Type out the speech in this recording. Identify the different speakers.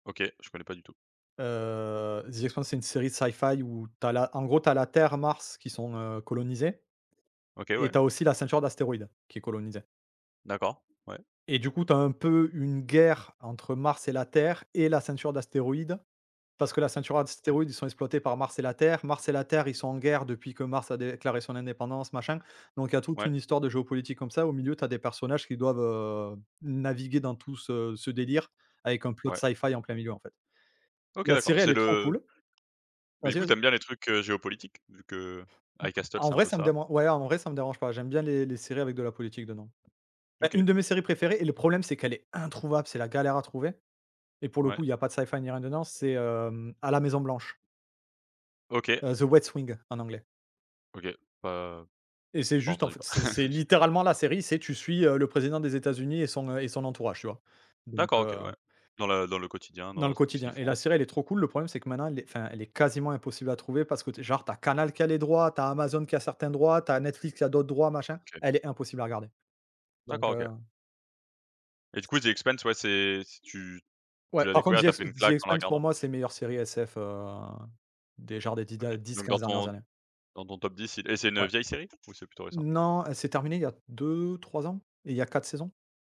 Speaker 1: OK, je connais pas du tout.
Speaker 2: Heu, The Expanse c'est une série de sci-fi où tu as la, en gros tu as la Terre, Mars qui sont, heu, colonisées,
Speaker 1: OK,
Speaker 2: et
Speaker 1: ouais.
Speaker 2: tu as aussi la ceinture d'astéroïdes qui est colonisée.
Speaker 1: D'accord, ouais.
Speaker 2: Et du coup tu as un peu une guerre entre Mars et la Terre et la ceinture d'astéroïdes, parce que la ceinture
Speaker 1: OK.
Speaker 2: d'astéroïdes, ils sont exploités par Mars et la Terre. Mars et la Terre ils sont en guerre, depuis que Mars a déclaré son indépendance machin. Donc il y a toute
Speaker 1: Ouais.
Speaker 2: une histoire de géopolitique comme ça, au milieu tu as des personnages qui doivent, heu, naviguer dans tout ce ce délire avec un plot
Speaker 1: Ouais.
Speaker 2: sci-fi en plein milieu en fait.
Speaker 1: OK
Speaker 2: La
Speaker 1: d'accord,
Speaker 2: série elle
Speaker 1: c'est
Speaker 2: est trop
Speaker 1: le
Speaker 2: cool.
Speaker 1: Mais du
Speaker 2: Vas-y,
Speaker 1: coup tu
Speaker 2: vas-y.
Speaker 1: aimes bien les trucs, heu, géopolitiques vu que avec Astol
Speaker 2: En
Speaker 1: c'est un
Speaker 2: vrai
Speaker 1: peu
Speaker 2: ça me
Speaker 1: ça?
Speaker 2: deman ouais en vrai ça me dérange pas, j'aime bien les les séries avec de la politique dedans. Bah,
Speaker 1: OK.
Speaker 2: une de mes séries préférées, et le problème c'est qu'elle est introuvable, c'est la galère à trouver. Et pour le
Speaker 1: Ouais.
Speaker 2: coup il y a pas de sci-fi il y a rien dedans, c'est À la Maison Blanche.
Speaker 1: OK.
Speaker 2: The West Wing en anglais.
Speaker 1: OK. Bah, heu,
Speaker 2: Et c'est
Speaker 1: pas
Speaker 2: juste en
Speaker 1: entendu
Speaker 2: fait,
Speaker 1: par
Speaker 2: c'est c'est littéralement la série, c'est, tu suis le président des États-Unis et son et son entourage tu vois? Donc
Speaker 1: D'accord, OK,
Speaker 2: heu
Speaker 1: ouais. Dans le le quotidien
Speaker 2: dans le
Speaker 1: dans tout ce
Speaker 2: quotidien.
Speaker 1: qu'ils
Speaker 2: Et la
Speaker 1: font.
Speaker 2: série elle est trop cool, le problème c'est que maintenant elle est, enfin elle est quasiment impossible à trouver parce que genre tu as Canal qui a les droits, tu as Amazon qui a certains droits, tu as Netflix qui a d'autres droits machin,
Speaker 1: OK.
Speaker 2: elle est impossible à regarder. Donc,
Speaker 1: D'accord, OK.
Speaker 2: heu
Speaker 1: Et du coup, The Expanse, ouais c'est, tu tu
Speaker 2: Ouais
Speaker 1: l'as
Speaker 2: par contre,
Speaker 1: découvert,
Speaker 2: The
Speaker 1: tu as
Speaker 2: Ex
Speaker 1: pris une
Speaker 2: The
Speaker 1: claque en la
Speaker 2: Expanse
Speaker 1: regardant?
Speaker 2: pour moi c'est meilleure série SF, heu, des genres des 10 des
Speaker 1: OK. Donc
Speaker 2: 10- 15
Speaker 1: dans
Speaker 2: dernières
Speaker 1: ton
Speaker 2: années.
Speaker 1: dans ton top 10, c'est et c'est une
Speaker 2: Ouais.
Speaker 1: vieille série ou c'est plutôt récent?
Speaker 2: Non, heu, c'est terminé il y a 2-3 ans, et il y a 4 saisons.